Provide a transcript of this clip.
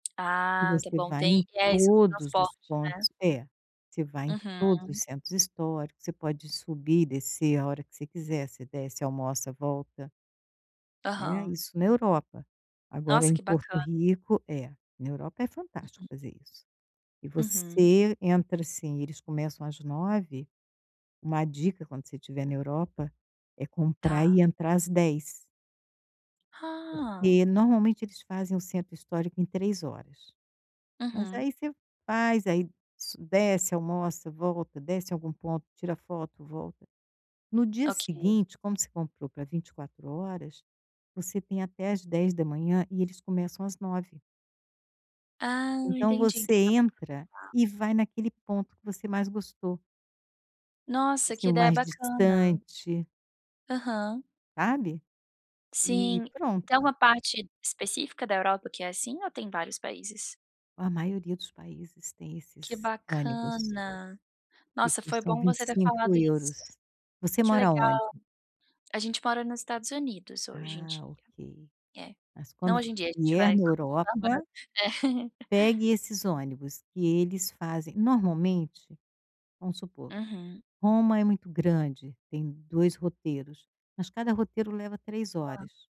E Ah, está você bom. vai Tem em é isso do todos transporte, os né? pontos É. Você vai em todos os Uhum. centros históricos. Você pode subir e descer a hora que você quiser. Você desce, almoça, volta. Né? Aham. Isso na Europa. Agora, Nossa, em que Porto bacana. Rico É, na Europa é fantástico fazer isso. E Uhum. você entra, assim eles começam às 9 uma dica, quando você estiver na Europa, é comprar Tá. e entrar às 10. Ah. Porque normalmente eles fazem o centro histórico em 3 horas. Mas Uhum. aí você faz, aí so desce, almoça, volta, desce em algum ponto, tira foto, volta. No dia Ok. seguinte, como você comprou pra 24 horas, você tem até às 10 da manhã. E eles começam às 9. Ah, Então, entendi. você Então dá para entra aproveitar. e vai naquele ponto que você mais gostou. Tipo Nossa, assim, que o ideia mais bacana. distante. Aham. Sabe? E Sim, tem pronto. alguma parte específica da Europa que é assim ou tem em vários países? A maioria dos países tem Que esses ônibus bacana. que Nossa, foi custam bom vinte você e ter cinco falado euros. isso. Você Que mora legal. aonde? A gente mora nos Estados Unidos hoje em Ah, dia. ok. É. Mas Não quando f hoje em dia, a gente vier vai na continuar morando. Europa É. pegue esses ônibus que eles fazem normalmente, vamos supor, Uhum. Roma é muito grande. Tem 2 roteiros. Mas cada roteiro leva 3 Tá. horas.